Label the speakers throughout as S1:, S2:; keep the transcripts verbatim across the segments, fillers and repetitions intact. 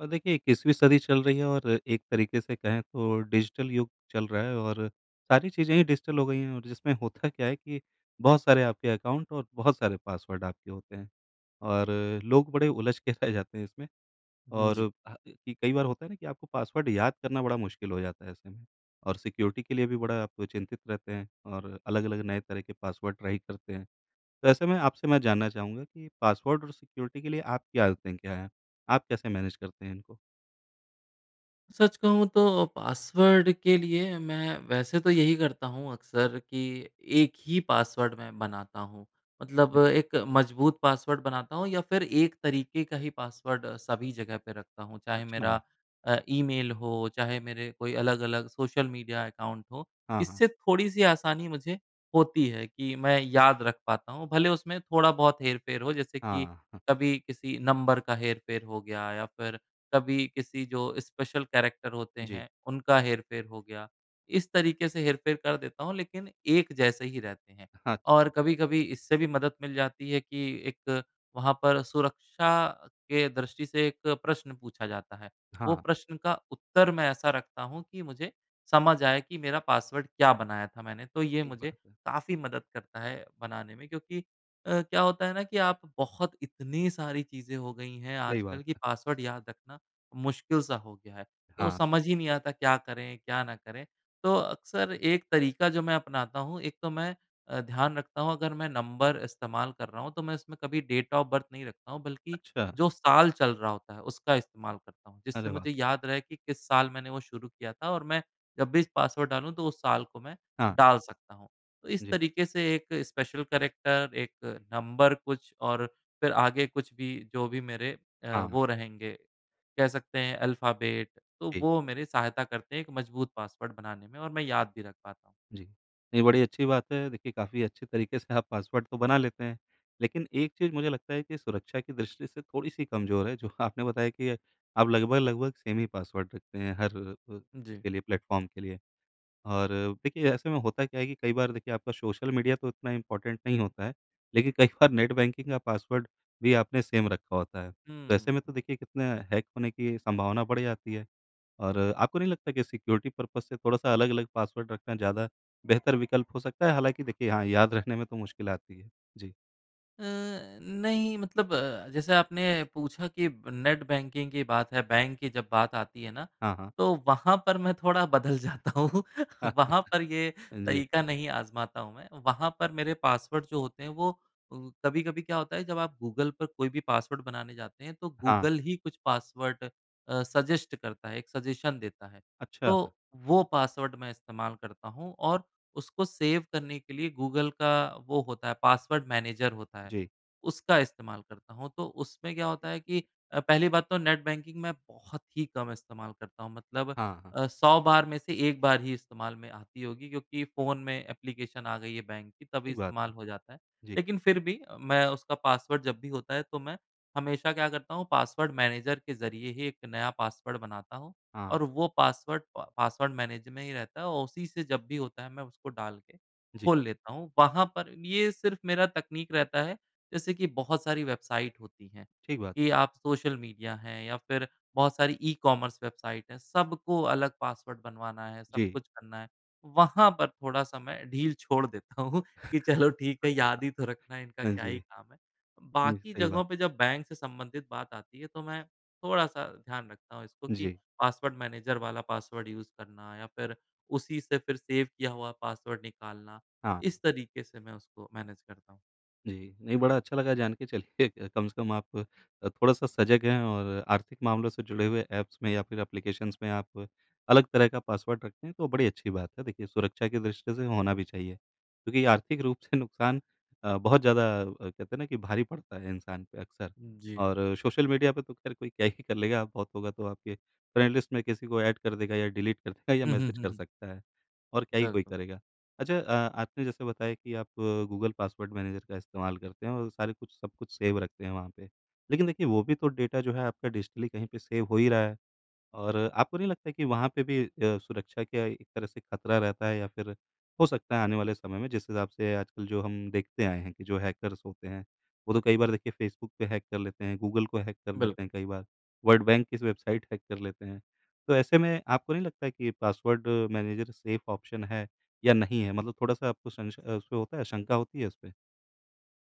S1: अ, देखिए इक्कीसवीं सदीं चल रही है और एक तरीके से कहें तो डिजिटल युग चल रहा है और सारी चीज़ें ही डिजिटल हो गई हैं और जिसमें होता क्या है कि बहुत सारे आपके अकाउंट और बहुत सारे पासवर्ड आपके होते हैं। और लोग बड़े उलझ के रह जाते हैं इसमें
S2: उम,
S1: और
S2: जी।
S1: [unintelligible] कई बार होता है ना, कि आपको पासवर्ड याद करना बड़ा मुश्किल हो जाता है ऐसे में और सिक्योरिटी के लिए भी बड़ा आपको चिंतित रहते हैं और अलग-अलग नए तरह के पासवर्ड ट्राई करते हैं। तो ऐसे मैं आपसे मैं जानना चाहूँगा कि पासवर्ड और सिक्योरिटी के लिए आपकी आदतें क्या हैं? आप कैसे मैनेज करते हैं इनको?
S2: सच कहूँ तो पासवर्ड के लिए मैं वैसे तो यही करता हूँ अक्सर कि एक ही पासवर्ड मैं बनाता हूँ। मतलब एक मजबूत पासवर्ड बनाता हूँ या फिर एक तरीके का ही पासवर्ड सभी जगह पे रखता हूँ चाहे मेरा
S1: अच्छा।
S2: अ, ईमेल हो चाहे मेरे कोई अलग-अलग सोशल मीडिया अकाउंट हो
S1: हाँ, हाँ।
S2: इससे थोड़ी-सी आसानी मुझे होती है कि मैं याद रख पाता हूँ भले उसमें थोड़ा बहुत हेर-फ़ेर हो जैसे कि
S1: हाँ, हाँ।
S2: कभी किसी नंबर का हेर-फेर हो गया या फ़िर कभी किसी जो स्पेशल कैरेक्टर होते
S1: जी।
S2: हैं, उनका हेर-फ़ेर हो गया। इस तरीके से हेर-फ़ेर कर देता हूँ लेकिन एक जैसे ही रहते हैं।
S1: हाँ
S2: और
S1: जी।
S2: कभी-कभी इससे भी मदद मिल जाती है कि एक वहाँ पर सुरक्षा के दृष्टि से एक प्रश्न पूछा जाता है। वो
S1: हाँ।
S2: प्रश्न का उत्तर मैं ऐसा रखता हूँ कि मुझे, समझ आए कि मेरा पासवर्ड क्या बनाया था मैंने तो ये
S1: ठीक
S2: मुझे
S1: बात है।
S2: काफ़ी मदद करता है बनाने में क्योंकि अ, क्या होता है ना कि आप बहुत इतनी सारी चीज़ें हो गई हैं
S1: सही बात
S2: आजकल कि
S1: है।
S2: पासवर्ड याद रखना मुश्किल सा हो गया है। तो
S1: हाँ।
S2: समझ ही नहीं आता क्या करें क्या ना करें? तो अक्सर एक तरीका जो मैं अपनाता हूँ एक तो मैं अ, ध्यान रखता हूँ अगर मैं नंबर इस्तेमाल कर रहा हूँ तो मैं इसमें कभी डेट ऑफ बर्थ नहीं रखता हूँ बल्कि
S1: अच्छा।
S2: जो साल चल रहा होता है उसका इस्तेमाल करता हूँ जिससे
S1: अरे वाह!
S2: मुझे याद रहे कि किस साल मैंने वो शुरू किया था और मैं जब भी इस पासवर्ड डालूँ तो उस साल को मैं
S1: हाँ।
S2: डाल सकता हूँ। तो इस
S1: जी।
S2: तरीके से एक स्पेशल कैरेक्टर, एक नंबर कुछ और फिर आगे कुछ भी जो भी मेरे अ,
S1: हाँ।
S2: वो रहेंगे, कह सकते हैं अल्फ़ाबेट। तो
S1: जी।
S2: वो मेरी सहायता करते हैं एक मजबूत पासवर्ड बनाने में और मैं याद भी रख पाता हूँ।
S1: जी। नहीं बड़ी अच्छी बात है देखिए काफ़ी अच्छे तरीके से आप पासवर्ड तो बना लेते हैं लेकिन एक चीज़ मुझे लगता है कि सुरक्षा की दृष्टि से थोड़ी-सी कमजोर है जो आपने बताया कि अ, आप लगभग-लगभग सेम ही पासवर्ड रखते हैं हर अ अ,
S2: जी।
S1: उसके लिए प्लेटफ़ॉर्म के लिए और देखिए ऐसे में होता क्या है कि कई बार देखिए आपका सोशल मीडिया तो इतना इम्पॉर्टेंट नहीं होता है लेकिन कई बार नेट बैंकिंग का पासवर्ड भी आपने सेम रखा होता है। तो ऐसे में
S2: हुँ।
S1: तो देखिए कितना हैक होने की संभावना बढ़ जाती है और आपको नहीं लगता कि सिक्योरिटी-पर्पज़ से थोड़ा-सा अलग-अलग पासवर्ड रखना ज़्यादा बेहतर विकल्प हो सकता है? हालाँकि देखिए हाँ, याद रखने में तो मुश्किल आती है। जी।
S2: अ, नहीं मतलब अ, जैसे आपने पूछा कि ब नेट बैंकिंग की बात है बैंक की जब बात आती है ना,
S1: हाँ, हाँ।
S2: तो वहाँ पर मैं थोड़ा बदल जाता हूँ।
S1: हाँ, [unintelligible]
S2: वहाँ पर ये
S1: जी।
S2: तरीका नहीं आज़माता हूँ मैं। वहाँ पर मेरे पासवर्ड जो होते हैं वो अ, कभी-कभी क्या होता है जब आप गूगल पर कोई भी पासवर्ड बनाने जाते हैं तो
S1: हाँ।
S2: गूगल ही कुछ पासवर्ड अ, सज़ेस्ट करता है, एक सज़ेशन देता है
S1: अच्छा।
S2: तो वो पासवर्ड मैं इस्तेमाल करता हूँ। और उसको सेव करने के लिए गूगल का वो होता है, पासवर्ड मैनेजर होता है,
S1: जी।
S2: उसका इस्तेमाल करता हूँ। तो उसमें क्या होता है कि अ, पहली बात तो नेट बैंकिंग मैं बहुत ही कम इस्तेमाल करता हूँ। मतलब
S1: हाँ, हाँ।
S2: अ, सौ बार में से एक बार ही इस्तेमाल में आती होगी क्योंकि फ़ोन में एप्लिकेशन आ गई है बैंक की तभी
S1: सही बात है।
S2: इस्तेमाल हो जाता है।
S1: जी।
S2: लेकिन फ़िर भी मैं उसका पासवर्ड जब भी होता है तो मैं हमेशा क्या करता हूँ पासवर्ड मैनेजर के ज़रिए ही एक नया पासवर्ड बनाता हूँ।
S1: हाँ।
S2: और वो पासवर्ड प पासवर्ड मैनेजर में ही रहता है और उसी से जब भी होता है मैं उसको डाल के
S1: जी।
S2: खोल लेता हूँ। वहाँ पर ये सिर्फ़ मेरा तकनीक रहता है। जैसे कि बहुत सारी वेबसाइट होती हैं
S1: ठीक बात।
S2: कि आप सोशल मीडिया है या फिर बहुत सारी ई-कॉमर्स वेबसाइट है। सबको अलग पासवर्ड बनवाना है, सब
S1: जी।
S2: कुछ करना है। वहाँ पर थोड़ा-सा मैं ढील छोड़ देता हूँ कि चलो ठीक है याद ही तो रखना इनका
S1: हाँ
S2: क्या ही
S1: जी।
S2: काम है।
S1: जी,
S2: बाकी
S1: सही बात है।
S2: जगहों पे जब बैंक से संबंधित बात आती है तो मैं थोड़ा-सा ध्यान रखता हूँ इसको कि
S1: जी।
S2: पासवर्ड मैनेजर वाला पासवर्ड यूज़ करना या फिर उसी से फिर सेव किया हुआ पासवर्ड निकालना।
S1: हाँ।
S2: इस तरीके से मैं उसको मैनेज करता हूँ।
S1: जी। नहीं बड़ा अच्छा लगा जानके चलिए कम से कम आप अ, थोड़ा-सा सजग हैं। और आर्थिक मामलों से जुड़े हुए ऐप्स में या फ़िर एप्लीकेशंस में आप अलग तरह का पासवर्ड रखते हैं तो बड़ी अच्छी बात है। देखिए सुरक्षा की दृष्टि से होना भी चाहिए। क्योंकि ये आर्थिक रूप से नुक़सान अ, बहुत ज़्यादा अ, कहते हैं ना, कि भारी पड़ता है इंसान पे अक्सर।
S2: जी।
S1: और सोशल मीडिया पे तो ख़ैर कोई क्या ही कर लेगा बहुत होगा तो आपके फ्रेंड लिस्ट में किसी को ऐड कर देगा या डिलीट कर देगा या
S2: हुँ, हुँ,
S1: मैसेज
S2: हुँ,
S1: कर
S2: हुँ।
S1: सकता है। और क्या ही कोई
S2: बिल्कुल।
S1: करेगा। अच्छा अ, आपने जैसे बताया कि आप गूगल पासवर्ड मैनेजर का इस्तेमाल करते हैं और सारे कुछ सब कुछ सेव रखते हैं वहाँ पे। लेकिन देखिए वो भी तो डेटा जो है आपका डिजिटली कहीं पे सेव हो ही रहा है। और आपको नहीं लगता कि वहाँ पे भी अ, सुरक्षा क्या एक तरह से ख़तरा रहता है या फ़िर हो सकता है आने वाले समय में जिस हिसाब से आजकल जो हम देखते आए हैं कि, जो हैकर्स होते हैं वो तो कई बार देखिए फ़ेसबुक पे हैक कर लेते हैं गूगल को हैक कर लेते
S2: बिल्कुल।
S1: हैं कई बार वर्ल्ड बैंक की स वेबसाइट हैक कर लेते हैं। तो ऐसे में आपको नहीं लगता कि पासवर्ड मैनेजर सेफ़ ऑप्शन है या नहीं है मतलब थोड़ा-सा आपको संशय अ, उसपे होता है शंका होती है उसपे?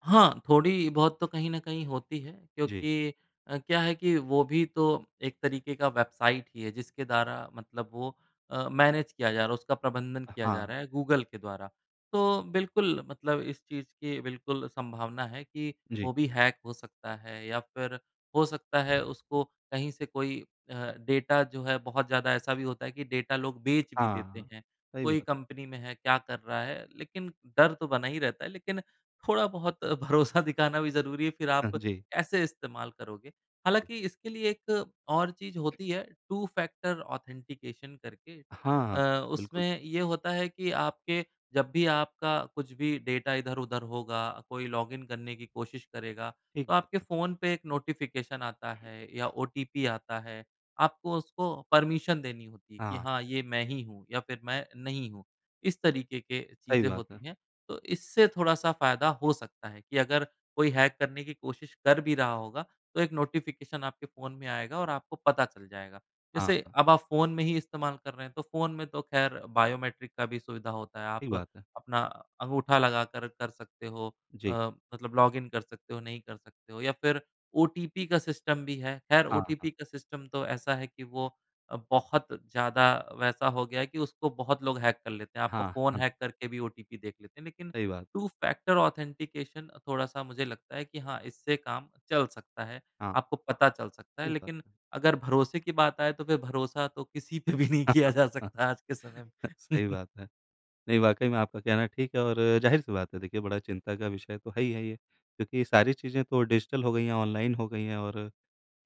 S2: हाँ। थोड़ी बहुत तो कहीं न कहीं होती है
S1: जी।
S2: क्योंकि अ, क्या है कि वो भी तो एक तरीके की वेबसाइट ही है जिसके द्वारा मतलब वो अ, मैनेज किया जा रहा है उसका प्रबंधन
S1: अ,
S2: किया जा
S1: हाँ।
S2: रहा है गूगल के द्वारा। तो बिल्कुल मतलब इस चीज़ की बिल्कुल संभावना है कि
S1: जी।
S2: वो भी हैक हो सकता है। या फ़िर हो सकता है उसको कहीं से कोई अ, डेटा जो है बहुत ज़्यादा ऐसा भी होता है कि डेटा लोग बेच भी
S1: हाँ,
S2: देते
S1: हाँ।
S2: हैं।
S1: सही बिल
S2: कोई कंपनी में है क्या कर रहा है लेकिन डर तो बना ही रहता है। लेकिन थोड़ा बहुत भरोसा दिखाना भी ज़रूरी है फ़िर आप
S1: हाँ जी।
S2: ऐसे इस्तेमाल करोगे। हालाँकि इसके लिए एक और चीज़ होती है टू-फ़ैक्टर ऑथेंटिकेशन करके।
S1: हाँ, हाँ।
S2: अ,
S1: बिल्कुल।
S2: उसमें ये होता है कि आपके जब भी आपका कुछ भी डेटा इधर-उधर होगा कोई लॉगिन करने की कोशिश करेगा
S1: ठीक
S2: तो
S1: है
S2: आपके
S1: तो।
S2: फ़ोन पे एक नोटिफ़िकेशन आता है या ओटीपी आता है आपको उसको परमिशन देनी होती है
S1: हाँ,
S2: कि
S1: हाँ।
S2: हाँ, ये मैं ही हूँ, या फिर मैं नहीं हूँ। इस तरीके के
S1: सही
S2: चीज़ें
S1: बात है।
S2: होती हैं तो इससे थोड़ा-सा फ़ायदा हो सकता है कि अगर कोई हैक करने की कोशिश कर भी रहा होगा तो एक नोटिफ़िकेशन आपके फ़ोन में आएगा और आपको पता चल जाएगा।
S1: हाँ,
S2: जैसे
S1: हाँ।
S2: अब आप फ़ोन में ही इस्तेमाल कर रहे हैं तो फ़ोन में तो ख़ैर बायोमेट्रिक का भी सुविधा होता है।
S1: सही
S2: आप
S1: बात है।
S2: अपना अंगूठा लगाकर कर सकते हो अ,
S1: जी।
S2: मतलब लॉगिन कर सकते हो नहीं कर सकते हो या फिर ओटीपी का सिस्टम भी है। ख़ैर
S1: हाँ, हाँ।
S2: ओटीपी का सिस्टम तो ऐसा है कि वो अ, बहुत ज़्यादा वैसा हो गया है कि उसको बहुत लोग हैक कर लेते हैं। आपका
S1: हाँ,
S2: फ़ोन
S1: हाँ।
S2: हैक करके भी ओटीपी देख लेते हैं। लेकिन
S1: सही बात है।
S2: टू -फ़ैक्टर ऑथेंटिकेशन थोड़ा-सा मुझे लगता है कि हाँ, इससे काम चल सकता है।
S1: हाँ।
S2: आपको पता चल सकता है।
S1: ठीक हाँ।
S2: लेकिन अगर भरोसे की बात आए तो फिर भरोसा तो किसी पे भी नहीं किया जा सकता है आज के समय में।
S1: सही बात है। नहीं वाक़ई में आपका कहना ठीक है और ज़ाहिर सी बात है देखिए बड़ा चिंता का विषय तो है ही है ये। क्योंकि ये सारी चीज़ें तो डिजिटल हो गई हैं, ऑनलाइन हो गई हैं और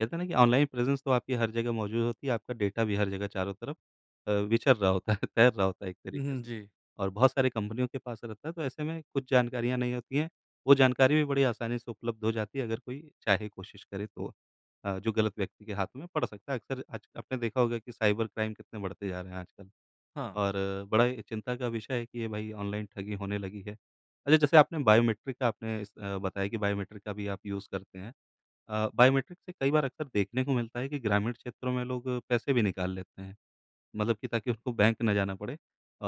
S1: कहते हैं ना, कि ऑनलाइन प्रेजेंस तो आपकी हर जगह मौज़ूद होती है। आपका डेटा भी हर जगह चारों तरफ अ, विचर रहा होता है तैर रहा होता है एक
S2: हुँ,
S1: तरीके
S2: हुँ
S1: से
S2: जी।
S1: और बहुत सारी कंपनियों के पास रहता है तो ऐसे में कुछ जानकारियाँ नहीं होती हैं। वो जानकारी भी बड़ी आसानी से उपलब्ध हो जाती है अगर कोई चाहे कोशिश करे तो अ, जो गलत व्यक्ति के हाथों में पड़ सकता है। अक्सर आज आपने देखा होगा कि साइबर क्राइम कितने बढ़ते जा रहे हैं आजकल।
S2: हाँ।
S1: और बड़ा ही चिंता का विषय है कि ये भई ऑनलाइन ठगी होने लगी है। अच्छा जैसे आपने बायोमेट्रिक का आपने इस अ, बताया कि बायोमेट्रिक का भी आप यूज़ करते हैं। अ, बायोमेट्रिक से कई बार अक्सर देखने को मिलता है कि ग्रामीण क्षेत्रों में लोग पैसे भी निकाल लेते हैं। मतलब कि ताकि उसको बैंक ना जाना पड़े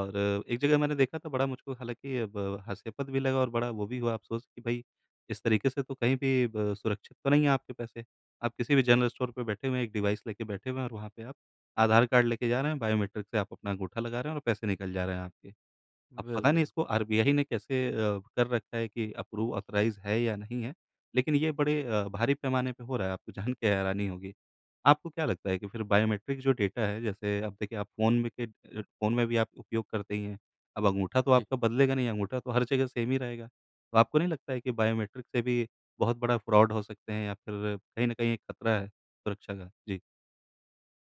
S1: और एक जगह मैंने देखा था बड़ा मुझको हालाँकि अब हास्यपद भी लगा और बड़ा वो भी हुआ अफ़सोस कि भई इस तरीके से तो कहीं भी ब सुरक्षित तो नहीं है आपके पैसे। आप किसी भी जनरल स्टोर पे बैठे हुए हैं एक डिवाइस लेके बैठे हुए हैं और वहाँ पे आप आधार कार्ड लेके जा रहे हैं बायोमेट्रिक से आप अपना अंगूठा लगा रहे हैं और पैसे निकल जा रहे हैं आपके। अब पता नहीं
S2: बिल्कुल।
S1: इसको आरबीआई ने कैसे अ, कर रखा है कि अप्रूव, ऑथराइज़ है या नहीं है। लेकिन ये बड़े अ, भारी पैमाने पे हो रहा है आपको जानके हैरानी होगी। आपको क्या लगता है कि फ़िर बायोमेट्रिक जो डेटा है जैसे अब देखिए आप फ़ोन में के अ अ, फ़ोन में भी आप उपयोग करते ही हैं। अब अंगूठा तो
S2: जी।
S1: आपका बदलेगा नहीं। अंगूठा तो हर जगह सेम ही रहेगा। तो आपको नहीं लगता है कि बायोमेट्रिक से भी बहुत बड़ा फ़्रॉड हो सकते हैं या फिर कहीं न कहीं एक ख़तरा है सुरक्षा का? जी।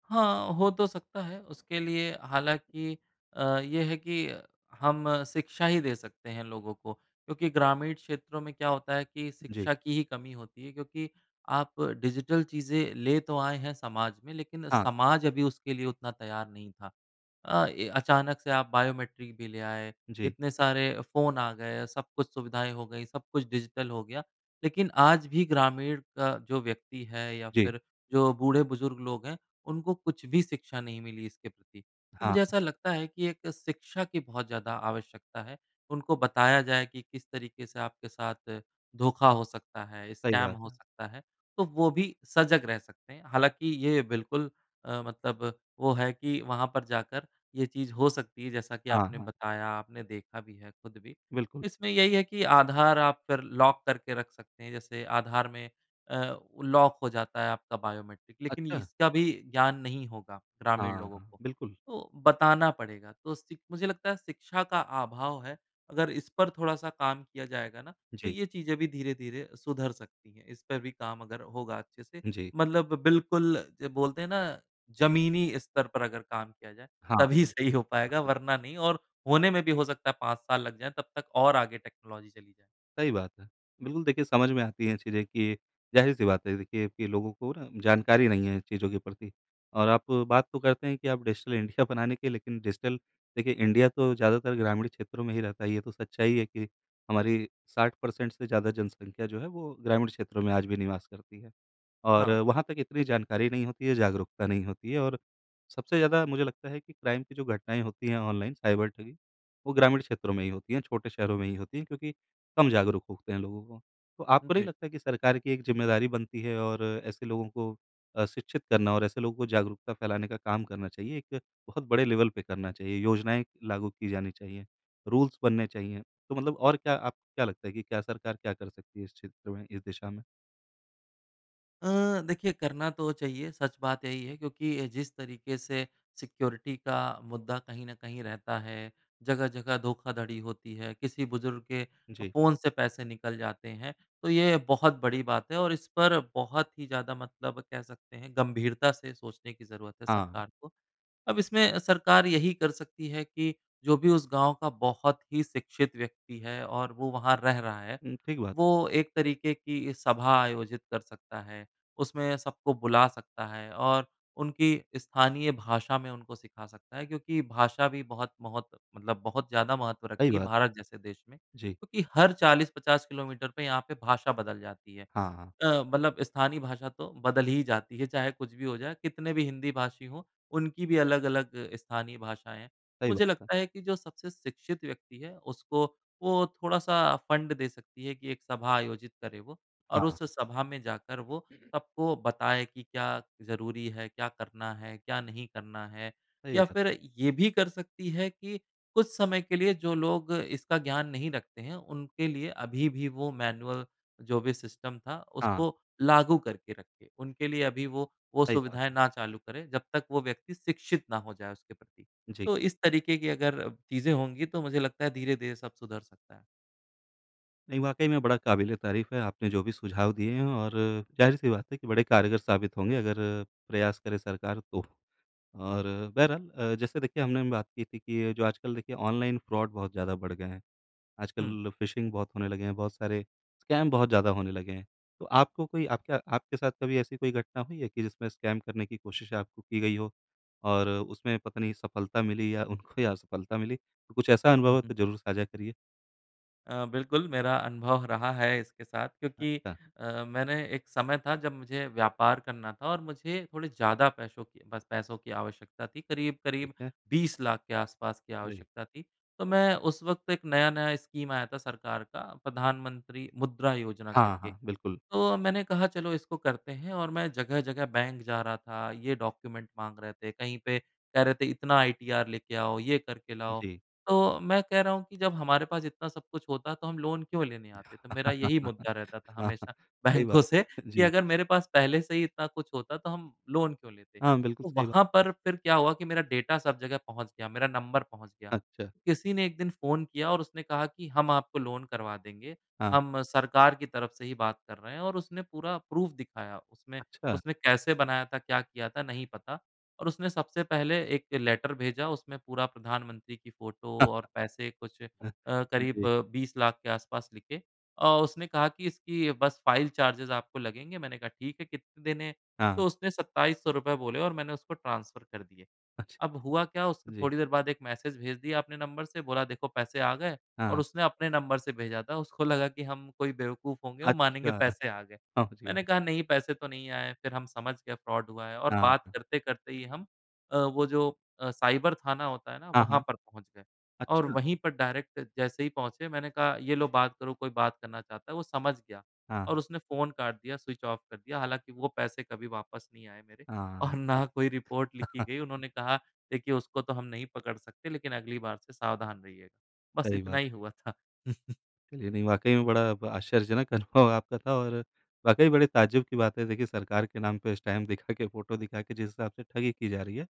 S2: हाँ, हो तो सकता है उसके लिए हालाँकि अ, ये है कि हम शिक्षा ही दे सकते हैं लोगों को। क्योंकि ग्रामीण क्षेत्रों में क्या होता है कि,
S1: जी।
S2: शिक्षा की ही कमी होती है क्योंकि आप डिजिटल चीज़ें ले तो आए हैं समाज में लेकिन
S1: हाँ।
S2: समाज अभी उसके लिए उतना तैयार नहीं था। अ, ये अचानक से आप बायोमेट्रिक भी ले आए,
S1: जी।
S2: इतने सारे फ़ोन आ गए सब कुछ सुविधाएँ हो गयीं सब कुछ डिजिटल हो गया लेकिन आज भी ग्रामीण का जो व्यक्ति है या
S1: जी।
S2: फिर जो बूढ़े-बुज़ुर्ग लोग हैं उनको कुछ भी शिक्षा नहीं मिली इसके प्रति। तो मुझे
S1: हाँ।
S2: ऐसा लगता है कि एक शिक्षा की बहुत ज़्यादा आवश्यकता है। उनको बताया जाए कि किस तरीके से आपके साथ धोखा हो सकता है,
S1: सही
S2: स्कैम
S1: बात
S2: हो
S1: है।
S2: सकता है। तो वो भी सजग रह सकते हैं। हालाँकि ये बिल्कुल अ, मतलब वो है कि वहाँ पर जाकर ये चीज़ हो सकती है जैसा कि
S1: हाँ,
S2: आपने
S1: हाँ।
S2: बताया, आपने देखा भी है खुद भी।
S1: बिल्कुल।
S2: इसमें यही है कि आधार आप कर लॉक करके रख सकते हैं। जैसे आधार में अ, लॉक हो जाता है आपका बायोमेट्रिक लेकिन
S1: अच्छा।
S2: इसका भी ज्ञान नहीं होगा ग्रामीण
S1: हाँ,
S2: लोगों
S1: हाँ।
S2: को,
S1: बिल्कुल।
S2: तो बताना पड़ेगा। तो सि मुझे लगता है शिक्षा का अभाव है अगर इस पर थोड़ा-सा काम किया जाएगा ना तो
S1: जी।
S2: ये चीज़ें भी धीरे-धीरे सुधर सकती हैं। इस पर भी काम अगर होगा अच्छे से
S1: जी।
S2: मतलब बिल्कुल जो बोलते हैं ना, ज़मीनी स्तर पर अगर काम किया जाए
S1: हाँ,
S2: तभी
S1: हाँ।
S2: सही हो पाएगा वरना
S1: [unintelligible]
S2: नहीं और होने में भी हो सकता है पाँच साल लग जाएँ तब तक और आगे टेक्नोलॉज़ी चली जाए।
S1: सही बात है। बिल्कुल देखिए समझ में आती हैं चीज़ें कि ज़ाहिर-सी बात है देखिए कि लोगों को ना जानकारी नहीं है इन चीज़ों के प्रति और आप बात तो करते हैं कि आप डिजिटल इंडिया बनाने की लेकिन डिजिटल देखिए इंडिया तो ज़्यादातर ग्रामीण क्षेत्रों में ही रहता है। ये तो सच्चाई है कि हमारी साठ पर्सेंट से ज़्यादा जनसंख्या जो है वो ग्रामीण क्षेत्रों में आज भी निवास करती है। और
S2: हाँ।
S1: वहाँ तक इतनी जानकारी नहीं होती है जागरूकता नहीं होती है और सबसे ज़्यादा मुझे लगता है कि क्राइम की जो घटनाएँ होती हैं ऑनलाइन साइबर ठगी वो ग्रामीण क्षेत्रों में ही होती हैं छोटे शहरों में ही होती हैं क्योंकि कम जागरूक होते हैं लोगों को। तो आपको नहीं
S2: जी।
S1: लगता कि सरकार की एक ज़िम्मेदारी बनती है और ऐसे लोगों को अ, शिक्षित करना और ऐसे लोगों को जागरूकता फ़ैलाने का काम करना चाहिए। एक बहुत बड़े लेवल पे करना चाहिए। योजनाएँ लागू की जानी चाहिए, रूल्स बनने चाहिए। तो मतलब और क्या आपको क्या लगता है कि क्या सरकार क्या कर सकती है इस क्षेत्र में इस दिशा में?
S2: अ, देखिए करना तो चाहिए सच बात यही है, क्योंकि जिस तरीके से सिक्योरिटी का मुद्दा कहीं न कहीं रहता है, जगह-जगह धोखाधड़ी होती है, किसी बुज़ुर्ग के फ़
S1: जी।
S2: फ़ोन से पैसे निकल जाते हैं। तो, ये बहुत बड़ी बात है और इस पर बहुत ही ज़्यादा मतलब कह सकते हैं गंभीरता से सोचने की ज़रूरत है
S1: हाँ।
S2: सरकार को। अब इसमें सरकार यही कर सकती है कि, जो भी उस गाँव का बहुत ही शिक्षित व्यक्ति है और वो वहाँ रह रहा है,
S1: उम, ठीक बात।
S2: वो एक तरीके की सभा आयोजित कर सकता है, उसमें सबको बुला सकता है और उनकी स्थानीय भाषा में उनको सिखा सकता है। क्योंकि भाषा भी बहुत, महोत मतलब बहुत ज़्यादा महत्व
S1: सही
S2: रखती है,
S1: बात।
S2: भारत जैसे देश में।
S1: जी।
S2: क्योंकि हर चालीस पचास किलोमीटर पे यहाँ पे भाषा बदल जाती है।
S1: हाँ, हाँ।
S2: अ, मतलब स्थानीय भाषा तो बदल ही जाती है, चाहे कुछ भी हो जाए कितने भी हिंदी भाषी हो, उनकी भी अलग-अलग स्थानीय भाषाएँ हैं।
S1: सही
S2: मुझे
S1: बात है।
S2: लगता है कि जो सबसे शिक्षित व्यक्ति है उसको वो थोड़ा-सा फंड दे सकती है कि एक सभा आयोजित करे वो और
S1: हाँ।
S2: उस सभा में जाकर वो सबको बताए कि क्या ज़रूरी है, क्या करना है, क्या नहीं करना है।
S1: सही
S2: या
S1: बात।
S2: फिर ये भी कर सकती है कि, कुछ समय के लिए जो लोग इसका ज्ञान नहीं रखते हैं, उनके लिए अभी भी वो मैनुअल जो भी सिस्टम था,
S1: हाँ।
S2: उसको लागू करके रखे। उनके लिए अभी वो, वो
S1: सही बात
S2: सुविधाएँ ना चालू करे। जब तक वो व्यक्ति शिक्षित ना हो जाए उसके प्रति।
S1: जी।
S2: तो इस तरीके की अगर चीज़ें होंगी तो मुझे लगता है धीरे-धीरे सब सुधर सकता है।
S1: नहीं, वाक़ई में बड़ा क़ाबिले तारीफ़ है, आपने जो भी सुझाव दिए हैं और ज़ाहिर-सी बात है कि बड़े कारगर साबित होंगे, अगर प्रयास करे सरकार तो। और बहरहाल अ, जैसे देखिए हमने बात की थी कि जो आजकल देखिए ऑनलाइन फ़्रॉड बहुत ज़्यादा बढ़ गए हैं।
S2: हुँ।
S1: आजकल फिशिंग बहुत होने लगे हैं, बहुत सारे स्कैम बहुत ज़्यादा होने लगे हैं। तो आपको कोई आपका आपके साथ कभी ऐसी कोई घटना हुई है कि जिसमें स्कैम करने की कोशिश आपको की गई हो और उसमें पता नहीं, सफलता मिली या उनको या असफलता मिली? तो कुछ ऐसा अनुभव
S2: हुँ,
S1: हो,
S2: हुँ।
S1: तो ज़रूर साझा करिए।
S2: अ, बिल्कुल, मेरा अनुभव रहा है इसके साथ क्योंकि
S1: अच्छा।
S2: अ, मैंने एक समय था, जब मुझे व्यापार करना था और मुझे थोड़े ज़्यादा पैसों की बस पैसों की आवश्यकता थी।
S1: ठीक
S2: करीब-करीब
S1: है।
S2: बीस लाख के आस-पास की
S1: अरे!
S2: आवश्यकता थी। तो मैं उस वक़्त एक नया-नया स्कीम आया था सरकार का, प्रधानमंत्री मुद्रा योजना
S1: हाँ,
S2: करके।
S1: हाँ, बिल्कुल।
S2: तो मैंने कहा, "चलो, इसको करते हैं।" और मैं जगह-जगह बैंक जा रहा था, ये डॉक्यूमेंट माँग रहे थे। कहीं पे कह रहे थे, "इतना आईटीआर लेके आओ, ये करके लाओ।"
S1: जी।
S2: तो मैं कह रहा हूँ कि जब हमारे पास इतना सब कुछ होता, तो हम लोन क्यों लेने आते? तो मेरा यही मुद्दा रहता था हमेशा
S1: सही
S2: बैंकों
S1: बात
S2: से
S1: है।
S2: कि
S1: जी।
S2: अगर मेरे पास पहले से ही इतना कुछ होता, तो हम लोन क्यों लेते?
S1: हाँ, बिल्कुल
S2: तो
S1: सही बा
S2: वहाँ पर फिर क्या हुआ कि मेरा डेटा सब जगह पहुँच गया, मेरा नंबर पहुँच गया।
S1: अच्छा।
S2: किसी ने एक दिन फ़ोन किया और उसने कहा कि, "हम आपको लोन करवा देंगे।
S1: हाँ।
S2: हम सरकार की तरफ से ही बात कर रहे हैं।" और उसने पूरा प्रूफ़ दिखाया उसमें।
S1: अच्छा।
S2: उसने कैसे बनाया था, क्या किया था, नहीं पता और उसने सबसे पहले एक लेटर भेजा, उसमें पूरा प्रधानमंत्री की फ़ोटो और पैसे कुछ अ, करीब
S1: जी।
S2: बीस लाख के आसपास लिखे और उसने कहा कि, "इसकी बस फ़ाइल चार्जेज़ आपको लगेंगे।" मैंने कहा, "ठीक है। कितने देने हैं?"
S1: हाँ, हाँ।
S2: तो उसने, सत्ताईस सौ रुपए बोले और मैंने उसको ट्रांसफ़र कर दिए।
S1: अच्छा।
S2: अब हुआ क्या, उसके
S1: जी।
S2: थोड़ी देर बाद एक मैसेज भेज दिया अपने नंबर से, बोला देखो पैसे आ गए
S1: हाँ,
S2: और
S1: हाँ।
S2: उसने अपने नंबर से भेजा था, उसको लगा कि हम कोई बेवकूफ़ होंगे और मानेंगे
S1: अच्छा!
S2: पैसे आ गए।
S1: हाँ जी, हाँ।
S2: मैंने कहा, "नहीं, पैसे तो नहीं आए।" फिर हम समझ गए फ़्रॉड हुआ है और
S1: हाँ,
S2: बात
S1: हाँ।
S2: करते-करते ही हम अ, वो जो अ, साइबर थाना होता है ना,
S1: हाँ,
S2: वहाँ
S1: हाँ।
S2: पर पहुँच गए, और
S1: अच्छा।
S2: वहीं पर डायरेक्ट जैसे ही पहुँचे, मैंने कहा, "ये लो, बात करो। कोई बात करना चाहता है।" वो समझ गया और
S1: हाँ।
S2: उसने फ़ोन काट दिया, स्विच ऑफ़ कर दिया। हालाँकि वो पैसे कभी वापस नहीं आए मेरे और
S1: हाँ।
S2: ना कोई रिपोर्ट लिखी गई। उन्होंने कहा, "देखिए, उसको तो हम नहीं पकड़ सकते, लेकिन अगली बार से सावधान रहिएगा।" बस
S1: सही
S2: इतना
S1: बात।
S2: ही हुआ था।
S1: चलिए नहीं, वाक़ई में बड़ा ब आश्चर्यजनक अनुभव आपका था और वाक़ई बड़े ताज्जुब की बात है, देखिए, सरकार के नाम पे इस टाइम दिखा के, फ़ोटो दिखा के जिस हिसाब से ठगी की जा रही है।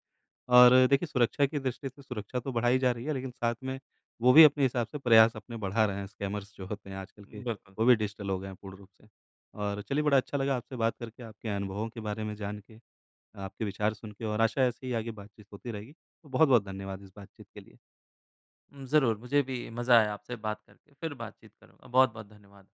S1: और देखिए, सुरक्षा की दृष्टि से सुरक्षा तो बढ़ाई जा रही है, लेकिन साथ में वो भी अपने हिसाब से प्रयास अपने बढ़ा रहे हैं, स्कैमर्स जो होते हैं आजकल के।
S2: बिल्कुल।
S1: वो भी डिजिटल हो गए हैं पूर्ण रूप से। और चलिए, बड़ा अच्छा लगा आपसे बात करके, आपके अनुभवों के बारे में जानके, आपके विचार सुन के और आशा है, ऐसे ही आगे बातचीत होती रहेगी। तो बहुत-बहुत धन्यवाद इस बातचीत के लिए।
S2: हुँ, ज़रूर, मुझे भी मज़ा आया आपसे बात करके, फिर बातचीत करूँगा। बहुत-बहुत धन्यवाद।